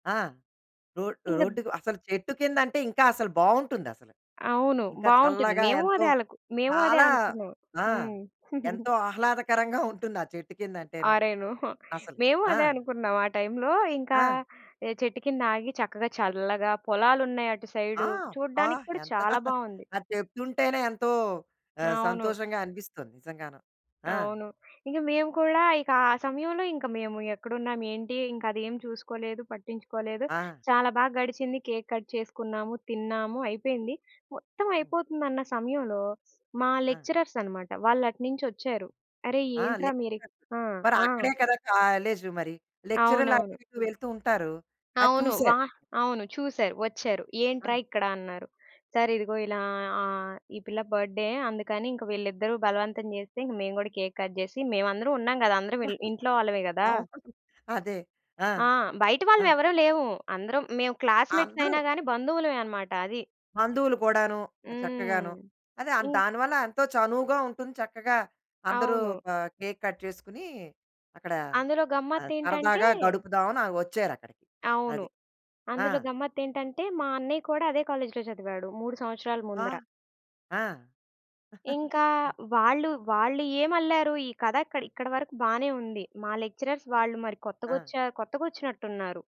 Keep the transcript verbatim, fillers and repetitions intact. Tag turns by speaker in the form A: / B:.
A: ఆ! రోడ్
B: ఇంగద్
A: రోడ్డుకసలు చెట్టు కిందంటే ఇంకా అసలు బావుంటుందసలు.
B: అవును
A: ఇంకా
B: బావుంటుంది.
A: చల్లగా
B: మేము
A: ఎంతో
B: అదే ఆళ్లకు మేము అదే
A: చాలా
B: అనుకున్నాం.
A: ఆ!
B: హ్మ్.
A: ఎంతో ఆహ్లాదకరంగా ఉంటుంది ఆ చెట్టు కింద అంటేను.
B: ఆరేను! హుహు.
A: అసలు
B: మేము
A: ఆ!
B: అదే అనుకున్నాం ఆ టైమ్‌‌లో. ఇంకా
A: ఆ!
B: ఏ చెట్టు కింద ఆగి చక్కగా చల్లగా పొలాలున్నాయి అటు
A: ఆ!
B: సైడు
A: బ్బా!
B: చూడడానికి కూడా
A: ఎంత
B: చాలా బావుంది.
A: అది చెప్తుంటేనే ఎంతో ఆహ్,
B: అవును.
A: సంతోషంగా అనిపిస్తుంది నిజంగాను. ఆ!
B: అవును. ఇంకా మేము కూడా ఇక ఆ సమయంలో ఇంకా మేము ఎక్కడున్నాము, ఏంటి ఇంక అదేం చూసుకోలేదు పట్టించుకోలేదు.
A: ఆ!
B: చాలా బాగా గడిచింది కేక్ కట్ చేసుకున్నాము, తిన్నాము అయిపోయింది. మొత్తం
A: హ్మ్.
B: అయిపోతుందన్న సమయంలో మా
A: ఆ!
B: లెక్చరర్స్ అన్నమాట. వాళ్ళటునించి ఒచ్చారు. అరె!
A: ఆ!
B: ఏంట్రా మీరిక్
A: లెక్చరర్
B: ఆ!
A: మరి
B: ఆ!
A: అక్కడే కదా! కాలేజ్ మరి. లెక్చరర్లు
B: అవునవును.
A: అటు ఇటు వెళ్తూ ఉంటారు అది
B: అవును.
A: చూసారు.
B: వా అవును చూసారు వచ్చారు ఏంట్రా
A: ఆ!
B: ఇక్కడ అన్నారు? సార్ ఇదిగో ఇలా ఆహ్, ఈ పిల్ల బర్త్ డే. అందుకని ఇంక వీళ్ళిద్దరూ బలవంతం జేస్తే ఇంగ మేము గూడా కేక్ కట్ జేసి మేమందరం ఉన్నాం గదా అందరం వెల్ ఇంట్లో వాళ్ళమే గదా!
A: అవును, అదే. ఆ!
B: ఆ! బయట
A: ఆ!
B: వాళ్ళుమేవరం లేవు. అందరం మేం క్లాస్‌మేట్స్ అయినా
A: అందరూ.
B: గాని, బంధువులమే అన్నమాట అది.
A: బంధువులు కూడాను! ఆ చక్కగాను.
B: హ్మ్.
A: అదే
B: ఇ
A: దానివల్ల ఎంతో చనువుగా ఉంటుంది. చక్కగా అందరూ
B: అవును.
A: కా కేక్ కట్ చేసుకొని, అక్కడ
B: అందులో
A: ఆహ్,
B: గమ్మత్తేంటంటే
A: సరదాగా గడుపుదామని ఆ ఒచ్చారక్కడికి.
B: అవును.
A: అది. ఆ!
B: అందులో గమ్మత్తేంటంటే మా అన్నయ్య కూడా అదే కాలేజ్‌లో జదివాడు మూడు సంవత్సరాలు
A: వా!
B: ముందర!
A: ఆ!
B: ఇంకా వాళ్ళు, వాళ్ళు ఏం అల్లారు ఈ కథ అక్క ఇక్కడి వరకు బానే ఉంది. మా లెక్చరర్స్ వాళ్ళు మరి కొత్తగా
A: ఆ!
B: ఒచ్చా కొత్తగా ఒచ్చినట్టున్నారు.